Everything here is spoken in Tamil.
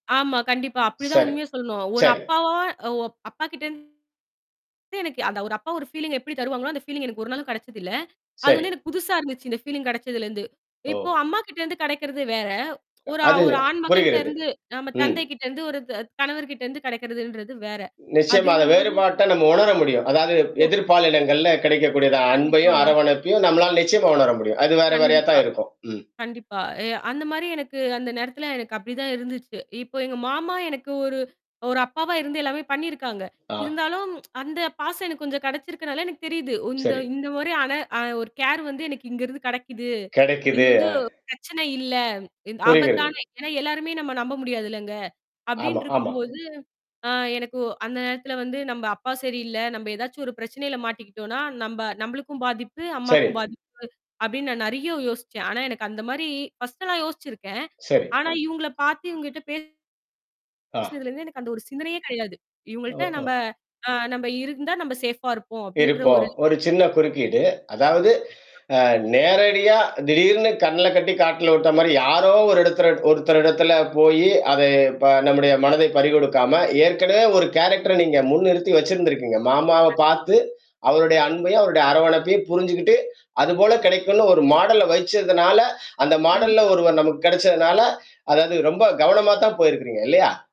ஆமா. கண்டிப்பா அப்பிடித்தான். சரி, உண்மைய சொல்லணும். ஒரு சரி. அப்பாவா ஓ அப்பாக்கிட்டந்து எனக்கு அந்த ஒரு அப்பா ஒரு ஃபீலீங்க எப்பிடி தருவாங்க? அந்த ஃபீலீங் எனக்கு ஒரு நாளும் கிடைச்சது இல்ல. அது சரி. எனக்குப் புதுசா இருந்துச்சு. இந்த ஃபீலீங் கிடைச்சதுல இருந்து. இப்போ ஓ! அம்மாக்கிட்ட இருந்து கிடைக்குறது வேற. ஒரு, அது ஒரு ஆண்மகன்ட்ட புரிகிறது. இருந்து நம்ம ம். தந்தைக்கிட்ட இருந்து ஒரு த கணவர்கிட்ட இருந்து கிடைக்குறதுன்றது வேற. நிச்சயமா! அந்த அப்பிடின்னம்போதூ வேறுபாட்ட நம்ம உணர முடியும். அதாவது ஓ! எதிர்ப்பாலினங்கள்ல கிடைக்கக்கூடியத அன்பையும், கண்டிப்பாங்க. அரவணைப்பையும் நம்மளால நிச்சயமா உணர முடியும். அது வேற, வேறயா கண்டிப்பா, தான் இருக்கும். ம். கண்டிப்பா. அ அந்தமாரி எனக்கு அந்த நேரத்துல எனக்கு அப்பிடி தான் இருந்துச்சு. இப்போ எங்க மாமா எனக்கு ஒரு, ஒரு அப்பாவா இருந்து எல்லாமே பண்ணி இருக்காங்க. ஆ. இருந்தாலும் அந்த பாசம் எனக்குக் கொஞ்சம் கிடைச்சிருக்கனால, எனக்குத் தெரியுது. இந்த, சரி. இந்தமாரியான அ ஒரு கேர் வந்து எனக்கு இங்க இருந்து கிடைக்குது. இது கிடைக்குது, வந்து அ. பிரச்சனை இல்ல புரிகிறது. ஆபத்தான ஏன்னா, எல்லாருமே நம்ம நம்ப முடியாதுலங்க. ஆமா, அப்பிடின்டு ஆமா. இருக்கும்போது, ஆ எனக்கு அந்த நேரத்துல வந்து நம்ம அப்பா சரியில்ல. நம்ம எதாச்சும் ஒரு பிரச்சனையில மாட்டிக்கிட்டோன்னா, நம்ப நம்மளுக்கும் பாதிப்பு, சரி. அம்மாக்கும் பாதிப்பு அப்பிடின்னு நான் நிறைய யோசிச்சேன். ஆனா எனக்கு அந்த மாதிரி ஃபர்ஸ்டுலாம் யோசிச்சிருக்கேன். சரி. ஆனா, இவுங்கள பாத்து இவுங்கட்ட பே ஆ. பேசுனதுல இருந்து எனக்கு அந்த ஒரு சிந்தனையே கிடையாது. இவுங்கள்ட்ட ஓஹோ! நம்ப, ஆ நம்ம இருந்தா நம்ம ஷேஃபா இருப்போம் அப்பிடின்ற இருப்போம். ஒரு இது. ஒரு சின்னக் குறுக்கீடு. அதாவது கண்டிப்பா. அ நேரடியா திடீர்ன்னு கண்ணுலக்கட்டி காட்டுல விட்டமாரி யாரோ ஒரு இடத்துல ஒருத்தர் இடத்துல போயி, அத [unintelligible] நம்முடைய மனதை பறிகொடுக்காம ஏற்கனவே ஒரு [unintelligible] கேரக்டர் நீங்க முன்னிறுத்தி வச்சிருந்தீங்க. மாமாவப் பார்த்து கண்டிப்பாக. அவருடைய அன்பையும் அவருடைய அரவணைப்பையும் புரிஞ்சுக்கிட்டு அதுபோலக் கிடைக்குன்னு ஒரு மாடல வச்சதுனால, அந்த மாடல்ல கண்டிப்பா, கண்டிப்பா. ஒருவர் நமக்கு கிடைச்சதுனால, அதாவது ரொம்ப கவனமா தான் போயிருக்கிறீங்க இல்லயா!